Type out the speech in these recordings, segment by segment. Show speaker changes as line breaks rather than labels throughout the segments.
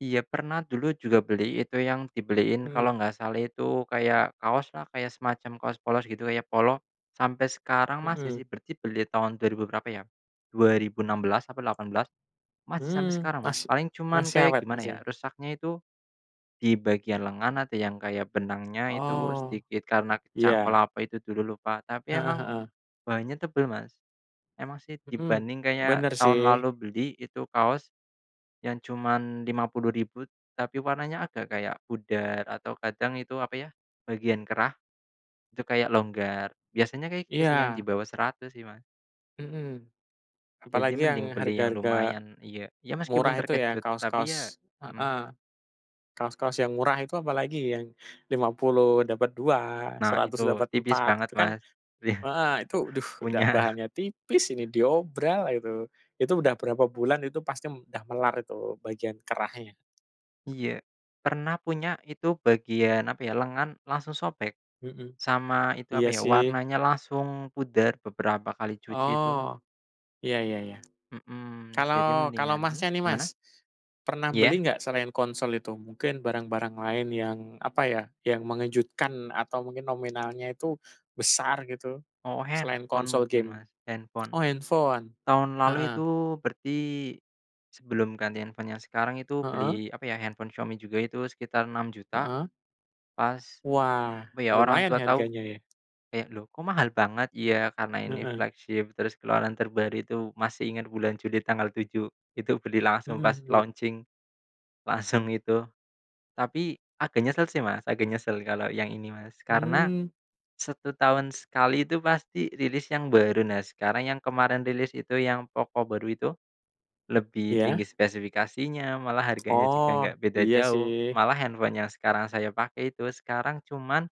Iya, pernah dulu juga beli itu yang dibeliin,
Hmm.
kalau enggak salah itu kayak kaos lah, kayak semacam kaos polos gitu kayak polo, sampai sekarang masih
Hmm.
sih. Berarti beli tahun 2000 berapa ya? 2016 apa 18, masih sampai
Hmm.
sekarang Mas.
Masi
Paling cuman
masih
kayak
awet
gimana
Mas,
ya,
ya?
rusaknya itu di bagian lengan ada yang kayak benangnya itu
Oh.
sedikit karena kecangkul
Iya.
apa itu dulu lupa. Tapi
Heeh
emang,
heeh.
bahannya tebel Mas. Emang sih
Hmm.
dibanding kayak
Bener
tahun
sih.
lalu beli, itu kaos, yang cuman Rp50.000 tapi warnanya agak kayak pudar atau kadang itu apa ya, bagian kerah itu kayak longgar. Biasanya kayak gitu sih yang di
Iya.
bawah Rp100.000 sih Mas.
Hmm.
Jadi
Apalagi
mending
yang
beli yang
harga-harga
lumayan iya iya meskipun
murah itu ya,
terkejut, tapi ya
kaos-kaos
hmm.
heeh. Kaos-kaos yang murah itu apalagi yang Rp50.000 dapet 2,
Nah itu,
Rp100.000 dapet
tipis
4.
banget
Itu kan
Mas. Iya.
heeh itu aduh, udah
Punya.
bahannya tipis, ini diobral itu. Itu udah berapa bulan itu pasti udah melar itu bagian kerahnya.
Iya. Pernah punya itu bagian apa ya, lengan, langsung sobek,
Hmm.
sama itu apa
Iya
ya,
sih.
warnanya langsung pudar beberapa kali cuci itu.
Oh, iya iya iya.
Hmm, jadi
Kalau kalau Masnya
mendingan
nih
gimana?
Mas, pernah
Iya.
beli nggak selain konsol itu? Mungkin barang-barang lain yang apa ya, yang mengejutkan atau mungkin nominalnya itu besar, gitu?
Oh,
Selain
handphone
konsol
mungkin
game
Mas, handphone.
oh handphone.
Tahun lalu
Heeh.
itu berarti sebelum ganti handphone yang sekarang itu
Heeh.
beli apa ya, handphone Xiaomi juga itu sekitar Rp6.000.000.
Heeh.
Pas,
Wah,
apa ya, orang
lumayan
tua
ya
tahu
harganya ya.
kayak, "Loh kok mahal banget?" "Ya, karena ini
Mhm.
flagship, terus keluaran terbaru," itu masih inget bulan Juli tanggal 7, itu beli langsung
Hmm
pas
hmm.
launching. Langsung itu. Tapi agak nyesel sih Mas, agak nyesel kalau yang ini Mas, karena
Hmm.
1 tahun sekali itu pasti rilis yang baru. Nah, sekarang yang kemarin rilis itu yang POCO baru itu, lebih tinggi
Ya?
spesifikasinya malah harganya juga
Oh,
nggak beda
iya
jauh,
sih.
malah handphone yang sekarang saya pakai itu sekarang cuman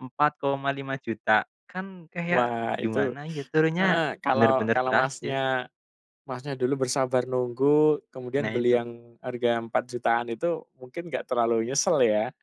Rp4.5000.000, kan kayak
Wah, itu
gimana ya, turunnya
heeh, kalau
bener-bener
kalau
drastis.
Masnya Masnya dulu bersabar nunggu kemudian
Nah,
beli
itu.
yang harga Rp4.000.000-an itu, mungkin nggak terlalu nyesel ya?